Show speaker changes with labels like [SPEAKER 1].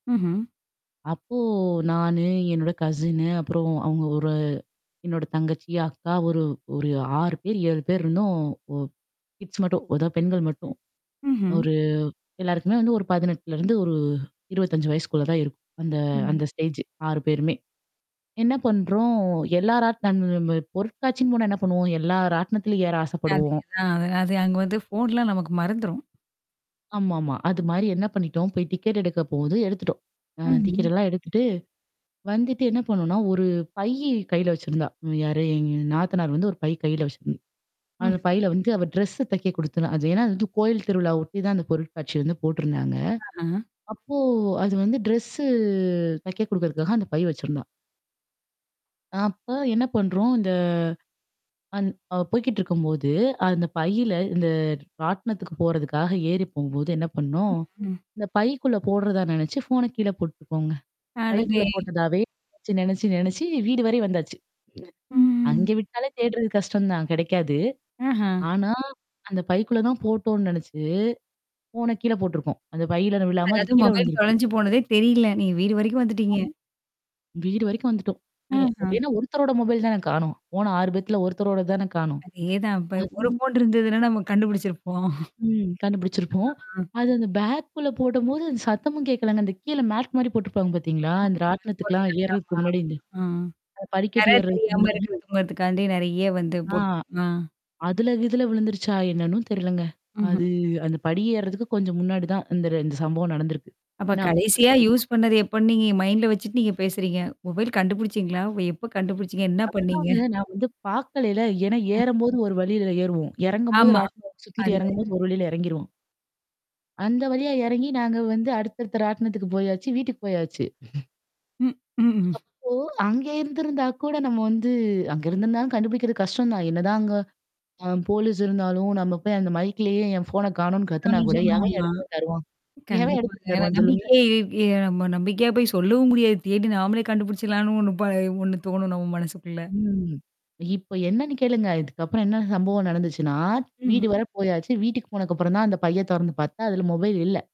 [SPEAKER 1] ம்ஹ்ம்.
[SPEAKER 2] அப்போ நானு, என்னோட கசின்னு, அப்புறம் அவங்க ஒரு என்னோட தங்கச்சி, அக்கா ஒரு ஒரு 6 பேர், 7 பேர் இருந்தோம். ஒ கிட்ஸ் மட்டும். அதான் பெண்கள் மட்டும்.
[SPEAKER 1] ம்ஹ்ம்.
[SPEAKER 2] ஒரு எல்லாருக்குமே வந்து ஒரு 18லருந்து ஒரு 25 வயசுக்குள்ள தான் இருக்கும். அந்த
[SPEAKER 1] ம்.
[SPEAKER 2] அந்த ஸ்டேஜ் 6 பேருமே. என்ன பண்றோம் எல்லா ராட்னம் பொருட்காட்சின்னு போனா என்ன பண்ணுவோம்? எல்லா ராட்டனத்திலயும் ஏற ஆசைப்படுவோம்.
[SPEAKER 1] அதேதான் அது அது அங்க வந்து ஃபோன்லாம் நமக்கு மறந்துரும்.
[SPEAKER 2] ஆமாமா. அது மாரி என்ன பண்ணிட்டோம் போய் டிக்கெட் எடுக்க போகுது எடுத்துட்டோம். ஆ
[SPEAKER 1] ம்ஹ்ம்.
[SPEAKER 2] டிக்கட்டெல்லாம் எடுத்துட்டு, வந்துட்டு என்ன பண்ணோம்ன்னா ஒரு பையி கையில வச்சிருந்தா, ம் யாரு? எங்க நாத்தனார் வந்து ஒரு பை கையில வச்சிருந்தா. அந்த
[SPEAKER 1] ம்ஹ்ம்.
[SPEAKER 2] பையில வந்து அவ ட்ரெஸ்ஸ தைக்க குடுத்துருந்தா. அது ஏன்னா, அது வந்து கோயில் திருவிழாவ ஒட்டி தான் அந்த பொருட்காட்சி வந்து போட்டுருந்தாங்க.
[SPEAKER 1] ஆஹ.
[SPEAKER 2] அப்போ அது வந்து டிரெஸ்ஸு தைக்க குடுக்கறதுக்காக அந்த பை வச்சுருந்தா. அப்ப என்ன பண்றோம் இந்த அந் அவள் போய்கிட்ருக்கும்போது, அந்த பையில இந்த ராட்டனத்துக்கு போறதுக்காக ஏறி போகும்போது என்ன பண்ணோம்?
[SPEAKER 1] [unintelligible]
[SPEAKER 2] இந்த பைக்குள்ள போடுறதா நெனச்சு, ஃபோன கீழ போட்டுருக்கோங்க.
[SPEAKER 1] அடடே!
[SPEAKER 2] பைக்குள்ள போட்டதாவே நெனச்சு நெனச்சு நெனச்சு வீடு வரை வந்தாச்சு.
[SPEAKER 1] ம்.
[SPEAKER 2] அங்க விட்டாலே தேடுறது கஷ்டம் தான், கெடைக்காது.
[SPEAKER 1] ஆஹா.
[SPEAKER 2] ஆனா அந்த பைக்குள்ள தான் போட்டோம்ன்னு நெனச்சு, ஃபோன கீழ போட்டுருக்கோம். அந்த பையுள்ளாற விழாம, அது
[SPEAKER 1] அதாவது
[SPEAKER 2] கீழ
[SPEAKER 1] மொபைல்
[SPEAKER 2] விழுந்திருக்கு.
[SPEAKER 1] தொலைஞ்சு போனதே தெரியல. நீங்க வீடு வரைக்கும்
[SPEAKER 2] ஆ.
[SPEAKER 1] வந்துட்டீங்க.
[SPEAKER 2] வீடு வரைக்கும் வந்துட்டோம். ஏ
[SPEAKER 1] ஆஹ.
[SPEAKER 2] ஏன்னா ஒருத்தரோட மொபைல் தான காணோம். போன 6 பேர்த்துல ஒருத்தரோடது தான காணோம்.
[SPEAKER 1] அதேதான். இப்ப
[SPEAKER 2] அது
[SPEAKER 1] ஒரு ஃபோன் இருந்ததுன்னா, நம்ம கண்டுபிடிச்சிருப்போம்.
[SPEAKER 2] ம் கண்டுபிடிச்சிருப்போம்.
[SPEAKER 1] ஆ.
[SPEAKER 2] அது அந்த பேக்குள்ள போட்டும்போது அந்த சத்தமும் கேட்கலங்க. அந்த கீழ மேட் மாரி போட்டுருப்பாங்க பார்த்தீங்களா? அந்த
[SPEAKER 1] ஆமாமா. அது போல
[SPEAKER 2] ராட்டணத்துக்கலாம்
[SPEAKER 1] [unintelligible] ஆமா.
[SPEAKER 2] ஏர்றதுக்கு முன்னாடி இந்த
[SPEAKER 1] அ
[SPEAKER 2] அ படிக்கட்டு
[SPEAKER 1] நெறையா
[SPEAKER 2] ஏர்றதுக்கு
[SPEAKER 1] தெரியாம
[SPEAKER 2] முன்னாடி.
[SPEAKER 1] இருக்கிறதும்ங்கறதுக்காண்டி, நெறைய வந்து
[SPEAKER 2] ஆ.
[SPEAKER 1] போட்டு. ஆ.
[SPEAKER 2] அதுல கிதுல விழுந்துருச்சா? என்னன்னும் தெரிலங்க.
[SPEAKER 1] அஹ்ம்.
[SPEAKER 2] அது அந்த படி ஏறுறதுக்கு கொஞ்சம் முன்னாடி தான் இந்த இந்த சம்பவம் நடந்திருக்கு.
[SPEAKER 1] அப்ப
[SPEAKER 2] ஏன்னா அப்பதான்
[SPEAKER 1] கடைசியா
[SPEAKER 2] பைக்குள்ள
[SPEAKER 1] யூஸ்
[SPEAKER 2] போட்டேன்.
[SPEAKER 1] பண்ணது எப்பன்னு நீங்க மைண்ட்ல வச்சுட்டு நீங்க பேசுறீங்க? மொபைல் கண்டுபுடிச்சீங்களா? எப்ப கண்டுபுடிச்சீங்க? என்ன பண்ணீங்க?
[SPEAKER 2] அதுதாங்க நான் வந்து பார்க்கலைல. ஏன்னா
[SPEAKER 1] அ.
[SPEAKER 2] ஏறும்போது ஒரு வழியில ஏறுவோம். இறங்கும்போது
[SPEAKER 1] ஆமா.
[SPEAKER 2] ராட்டின சுத்திட்டு
[SPEAKER 1] அதுவேற.
[SPEAKER 2] எறங்கும்போது ஒரு வழியில இறங்கிருவோம். அந்த வழியா இறங்கி நாங்க வந்து அடுத்தடுத்த ராட்டணத்துக்கு போயாச்சு, வீட்டுக்கு போயாச்சு.
[SPEAKER 1] ம். ம்ஹ்ஹ்ம்.
[SPEAKER 2] அப்போ அங்க இருந்திருந்தா கூட நம்ம வந்து அங்க இருந்திருந்தாாலும் கண்டுபிடிக்கிறது கஷ்டம் தான். என்னதான் அங்க ஆ போலீஸ் இருந்தாலும், நம்ம போய் அந்த மைக்லேயே என் ஃபோன காணோம்ன்னு கத்துனா கூட
[SPEAKER 1] [unintelligible]
[SPEAKER 2] எவன்
[SPEAKER 1] ஆமா.
[SPEAKER 2] எடத்தத தருவான்? எவன்
[SPEAKER 1] கண்டிப்பாங்க.
[SPEAKER 2] எடத்தத
[SPEAKER 1] ஏன்னா
[SPEAKER 2] தருவான் சொல்லுங்க.
[SPEAKER 1] நம்பிக்கையே ஏய்! நம்ம நம்பிக்கையா போய் சொல்லவும் முடியாது. தேடி நாமளே கண்டுபுடிச்சிடலான்னு ஒண்ணு ப ஒண்ணு தோணும் நம்ம மனசுக்குள்ள.
[SPEAKER 2] ம். இப்ப என்னன்னு கேளுங்க. இதுக்கப்புறம் என்ன சம்பவம் நடந்துச்சுன்னா,
[SPEAKER 1] ம்ஹ்ம்.
[SPEAKER 2] வீடு வர போயாச்சு. வீட்டுக்கு போனதுக்கப்புறம் தான் அந்த பைய தொறந்து பார்த்தா, அதுல மொபைல் இல்ல.